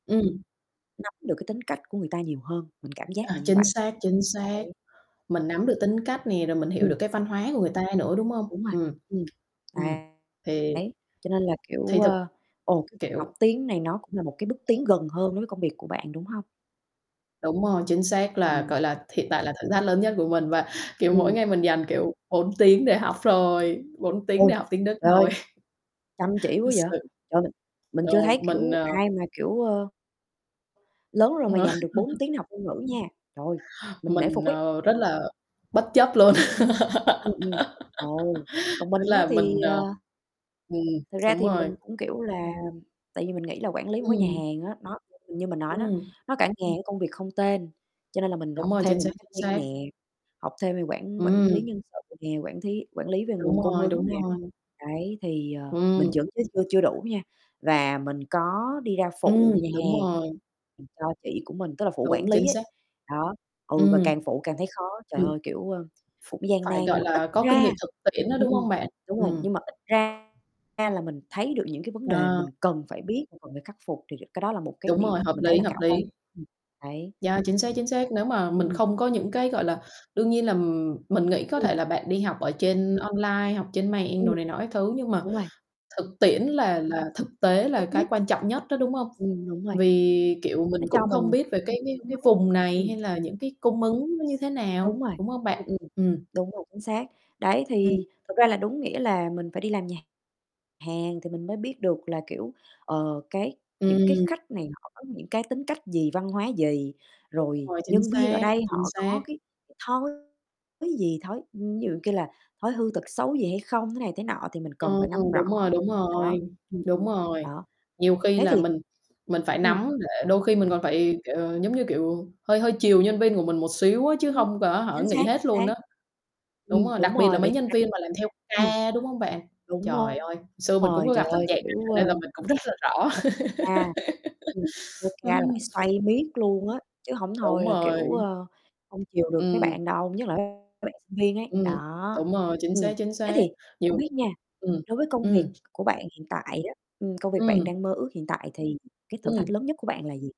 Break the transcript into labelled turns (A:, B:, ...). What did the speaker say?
A: Ừm.
B: Nắm được cái tính cách của người ta nhiều hơn, mình cảm giác là
A: À,
B: như
A: chính
B: vậy.
A: xác, chính xác.
B: Đấy.
A: Mình nắm được tính cách nè, rồi mình hiểu
B: Ừm.
A: được cái văn hóa của người ta nữa, đúng hông?
B: Đúng rồi,
A: Ừm.
B: ừm.
A: Ừm,
B: Đấy.
A: thì
B: Đấy, cho nên là,
A: thì
B: kiểu,
A: thực
B: ờ, ồ, cái việc học
A: kiểu
B: tiếng này nó cũng là một cái bước tiến gần hơn đối với công việc của bạn, đúng hông?
A: Đúng rồi, chính xác. Là,
B: Ừm.
A: gọi là, hiện tại là thử thách lớn nhất của mình và, kiểu, mỗi
B: Ừm.
A: ngày mình dành, kiểu, 4 tiếng để học thôi, 4 tiếng để
B: Ôi,
A: học tiếng Đức
B: trời ơi!
A: thôi.
B: Chăm chỉ quá
A: Thật
B: vậy,
A: sự.
B: trời, mình
A: Ờ,
B: chưa thấy,
A: mình,
B: kiểu,
A: ờ
B: ai mà kiểu, ơ lớn rồi mà dành được 4 tiếng học ngôn ngữ nha, trời, mình nể
A: Mình,
B: phục ấy.
A: ờ, rất là bất chấp luôn.
B: Ừm, ừm. Ồ, còn
A: Tức
B: mình á
A: là
B: thì,
A: mình, ờ
B: ờ
A: ừm,
B: Thực ra
A: đúng
B: thì
A: rồi.
B: mình cũng, kiểu là tại vì mình nghĩ là quản lý một cái nhà
A: Ừm.
B: hàng á, nó, ừm, như mình nói đó,
A: Ừm.
B: nó cả ngàn công việc không tên, cho nên là mình
A: Đúng
B: học
A: rồi,
B: thêm
A: chính
B: về
A: xác, chính
B: marketing
A: xác.
B: nè, học thêm về quản quản lý
A: Ừm.
B: nhân sự nè, quản thí quản lý về
A: Đúng
B: nguồn cung
A: rồi,
B: ứng
A: đúng
B: nè.
A: rồi.
B: Đấy, thì, ờ, mình
A: Ừm.
B: chuẩn chứ chưa chưa đủ nha, và mình có đi ra
A: Ừm,
B: phụ nhà
A: đúng
B: hàng
A: rồi.
B: giùm cho chị của mình, tức là phụ
A: Đúng,
B: quản lý
A: chính
B: ấy,
A: xác.
B: đó, ừ, và
A: Ừm.
B: càng phụ càng thấy khó. Trời
A: Ừm.
B: ơi, kiểu, ờ, cũng gian nan,
A: Phải,
B: nhưng
A: gọi
B: mà ít
A: là, có kinh
B: ra
A: nghiệm thực tiễn đó,
B: ừm,
A: đúng
B: ừm,
A: hông bạn?
B: đúng rồi,
A: Ừm.
B: nhưng mà ít ra ra là mình thấy được những cái vấn đề mình
A: À.
B: cần phải biết, cần phải khắc phục, thì được cái đó là một cái
A: Đúng rồi,
B: điều
A: hợp
B: mình thấy
A: lý,
B: là
A: hợp
B: khả quan.
A: lý.
B: Ừm, đấy.
A: Yeah, chính xác chính xác. Nếu mà
B: Ừm,
A: mình
B: ừm.
A: không có những cái, gọi là đương nhiên là, ừm, mình nghĩ có
B: Ừm.
A: thể là bạn đi học ở trên online, học trên mạng
B: Ừm.
A: đồ này nọ các thứ, nhưng mà
B: Đúng rồi.
A: thực tiễn là là thực tế là
B: Tốt
A: cái
B: nhất.
A: quan trọng nhất đó, đúng hông?
B: Ừm, đúng rồi.
A: Vì, kiểu, mình
B: Nó cho
A: cũng không
B: mình
A: biết về cái
B: [unintelligible]
A: cái
B: xương
A: cái
B: máu.
A: vùng này,
B: Ừm.
A: hay là những cái cung ứng nó như thế nào,
B: Đúng rồi,
A: đúng hông bạn?
B: ừm, ừm.
A: Ừm.
B: Đúng rồi, chính xác. Đấy,
A: Ừm.
B: thì thực ra là, đúng nghĩa là mình phải đi làm nhà hàng thì mình mới biết được là, kiểu, ờ, cái những cái
A: Ừm.
B: khách này họ có những cái tính cách gì, văn hóa gì,
A: Đúng
B: rồi
A: rồi, chính
B: nhân viên ở
A: xác,
B: đây
A: chính
B: họ
A: xác.
B: có cái thói thứ gì, thói ví dụ kia là thói hư tật xấu gì hay không, thế này thế nọ, thì mình cần
A: Ờ,
B: phải nắm rõ.
A: đúng rồi, đúng
B: Đó,
A: rồi,
B: ừm,
A: đúng
B: ừm,
A: rồi.
B: đó.
A: Nhiều khi
B: Thế
A: là
B: thì
A: mình mình phải
B: ừm.
A: nắm, để đôi khi mình còn phải, kiểu, giống như, kiểu, hơi hơi chiều nhân viên của mình một xíu á, chứ
B: Ừm.
A: hông có hả,
B: Chính
A: nghỉ
B: xác, chính
A: hết luôn
B: xác.
A: á. Đúng
B: Ừm,
A: rồi, đặc
B: đúng
A: biệt là
B: rồi,
A: mấy
B: vậy thực
A: nhân
B: ra
A: viên mà làm theo
B: ừm.
A: ca, đúng hông bạn?
B: Đúng
A: Trời
B: đó.
A: ơi, xưa mình cũng
B: Rồi,
A: có
B: trời
A: gặp tình
B: ơi,
A: trạng
B: kiểu,
A: này nên
B: ơ,
A: là mình cũng rất là rõ.
B: [unintelligible] à, ừm, vô ca là phải
A: Ừm.
B: xoay miết luôn á, chứ hổng
A: Đúng
B: thôi là, kiểu,
A: rồi.
B: ờ, hông chiều được mấy
A: Ừm.
B: bạn đâu, nhất là mấy bạn sinh viên ấy.
A: Ừm,
B: Đó,
A: đúng rồi, chính xác,
B: ừm,
A: chính
B: thế
A: xác.
B: thì không
A: Nhiều
B: biết nha,
A: ừm,
B: đối với công việc
A: ừm.
B: của bạn hiện tại á, ừm, công việc bạn
A: Ừm.
B: đang mơ ước hiện tại, thì cái thử thách
A: Ừm.
B: lớn nhất của bạn là gì?